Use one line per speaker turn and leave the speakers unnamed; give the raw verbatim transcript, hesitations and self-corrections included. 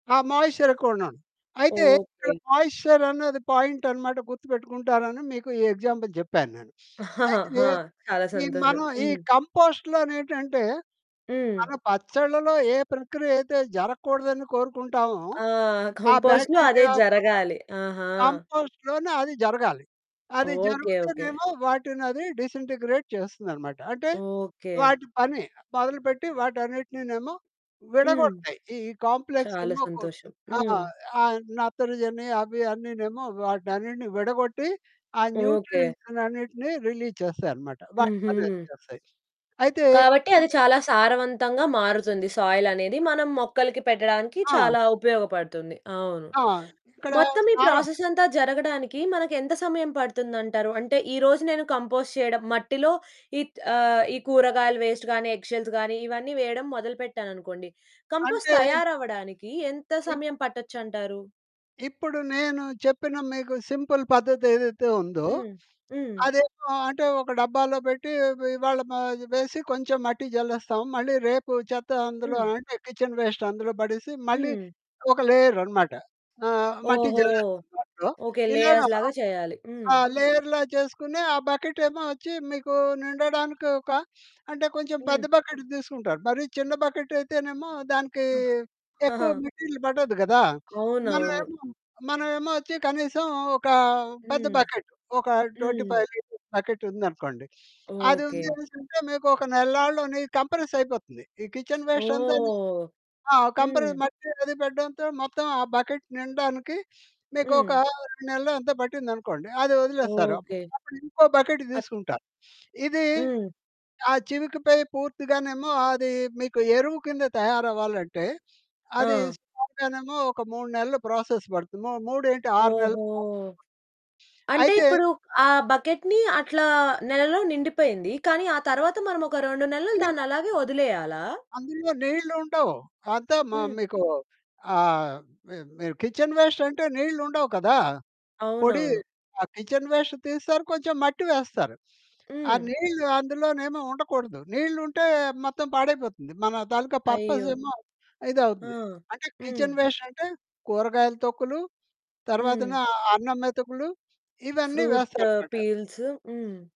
ఆ! మాయిశ్చర్ ఎక్కువన్నాను. అయితే ఇక్కడ
ఓకే.
మాయిశ్చర్ అనేది పాయింటన్నమాట గుర్తుపెట్టుకుంటారని, మీకు ఈ ఎగ్జాంపుల్ జెప్పాను నేను. అయితే
ఆ! చాలా
ఈ
సంతోషం.
మనం ఈ
హ్మ్.
కంపోస్ట్‌లో నేటంటే, మన
హ్మ్.
పచ్చడ్ల‌లో ఏ ప్రక్రియ అయితే జరగకూడదని కోరుకుంటామో,
ఆ!
ఆ
కంపోస్ట్‌లో అదే
బాక్టీరియా పుట్టాలి.
జరగాలి. ఆహా!
కంపోస్ట్‌లోనే అది జరగాలి. అది
ఓకే, ఓకే.
జరుగుతేనేమో వాటినది డిసెంటిగ్రేడ్ చేస్తదన్నమాట. అంటే
ఓకే.
వాటి పని మొదలుపెట్టి వాటన్నిటినేమో
హ్మ్.
విడగొడతాయి. ఈ కాంప్లెక్స్
చాలా
ఏమో కొ
సంతోషం.
ఆ!
హ్మ్.
ఆ నత్రజనీ అవి అన్నినేమో వాటినన్నిటిని విడగొట్టి. ఆ
ఓకే.
న్యూట్రియంట్స్ అన్నిటిని రిలీజ్ చేస్తాయి అన్నమాట. వాటి
హుహు.
పని అది చేస్తాయి. అయితే
కాబట్టి అది
[unintelligible]
చాలా సారవంతంగా మారుతుంది సాయిలనేది.
ఆ!
మనం మొక్కలకి పెట్టడానికి
ఆ!
చాలా ఉపయోగపడుతుంది. అవును.
ఆ! ఇక్కడ
మొత్తం ఈ
సారం
ప్రాసెస్ అంతా జరగడానికి మనకెంత సమయం పడుతుందంటారు? అంటే ఈరోజు నేను కంపోస్ట్ చేయడం. మట్టిలో ఈట్ ఆహ్, ఈ కూరగాయలు వేస్ట్ గానీ, ఎగ్ షెల్స్ గానీ, ఇవన్నీ వేయడం మొదలు పెట్టాననుకోండి, కంపోస్ట్
అంటే,
తయారు అవ్వడానికి ఎంత
ఇప్
సమయం పట్టచ్చంటారు?
ఇప్పుడు నేను చెప్పిన మీకు సింపుల్ పద్ధతేదైతే ఉందో,
హ్మ్. హ్మ్.
అదేమో అంటే ఒక డబ్బాలో పెట్టి ఇ ఇవ్వాళ మ వేసి కొంచెం మట్టి జల్లేస్తాం. మళ్ళీ రేపు చెత్త అందులో
హ్మ్.
అంటే కిచెన్ వేస్ట్ అందులో పడేసి, మళ్ళీ
హ్మ్.
ఒక లేయర్ అనమాట. ఆహ్, మట్టి
ఓహో!
జల్లేస్తాం దాంట్లో.
ఓకే.
ఇలాగ
లేయర్స్ లాగా చేయాలి. హ్మ్.
ఆ లేయర్‌లా చేసుకొని, ఆ బకెటేమో ఒచ్చి మీకు నిండడానికొక అంటే కొంచెం పెద్ద
హ్మ్.
బకెట్ తీసుకుంటారు. మరి చిన్న బకెటయితేనేమో దానికి
ఆ!
ఎక్కువ మెటీరియల్ పడదు గదా.
అవునవును.
మనమేమో, మనమేమో ఒచ్చి కనీసం ఒక పెద్ద
హ్మ్.
బకెట్ ఒక ట్వంటీ
హ్మ్.
ఫైవ్ లీటర్స్ బకెట్ ఉందనుకోండి, అది
ఓకే.
ఉందనెసింటే మీకొక నెల‌నాళ్ళునీ కంప్రెసయిపోతుంది. ఈ కిచెన్ వేస్ట్ అంతాని
ఓహ్!
ఆ! కంప్రెస్
హ్మ్.
మట్టి అది పెట్టడంతో మొత్తం ఆ బకెట్ నిండడానికి మీకొక
హ్మ్.
రెండు నెలలో ఎంతో పట్టిందనుకోండి. అది ఒదిలేస్తారు.
ఓకే.
అప్పుడింకో బకెట్
ఆచ్
తీసుకుంటారు. ఇది
హ్మ్.
ఆ చివికపై పూర్తిగానేమో అది మీకు ఎరువు కింద తయారవ్వాలంటే, అది
ఆ!
సుమారుగానేమో ఒక మూడు నెళ్ళు ప్రాసెస్ పడుతుంది. ము మూడేంటి ఆరు నెళ్ళు
ఓహో!
ప్రాసెస్ పడ్తుంది.
అంటే
అయితే
ఇప్పుడు ఆ బకెట్‌ని అట్లా నెలలో నిండిపోయింది. కానీ ఆ తర్వాత మనం ఒక రెండు నెలలు
దీన్‌లా
దాన్నలాగే ఒదిలేయాలా?
అందులో నీళ్ళుండవు. అంత మ
హ్మ్.
మీకు ఆహ్, మి మి కిచెన్ వేస్ట్ అంటే నీళ్ళుండవు కదా. పొడి,
అవునవును.
ఆ కిచెన్ వేస్ట్ తీస్తారు. కొంచెం మట్టి వేస్తారు. ఆ
హ్మ్.
నీళ్ళు అందులోనేమో ఉండకూడదు. నీళ్ళు ఉంటే మొత్తం పాడైపోతుంది. మన తాలూకా పర్పస్
అయ్యో!
ఏమో
ఆ!
ఇదవుతుంది. అంటే
హ్మ్.
కిచెన్ వేస్ట్ అంటే కూరగాయలు తొక్కులు, తర్వాతన
హ్మ్.
అన్నం మెతుకులు ఇవన్నీ
ఫ్రూట
వేస్తారనమాట.
పీల్సు. హ్మ్.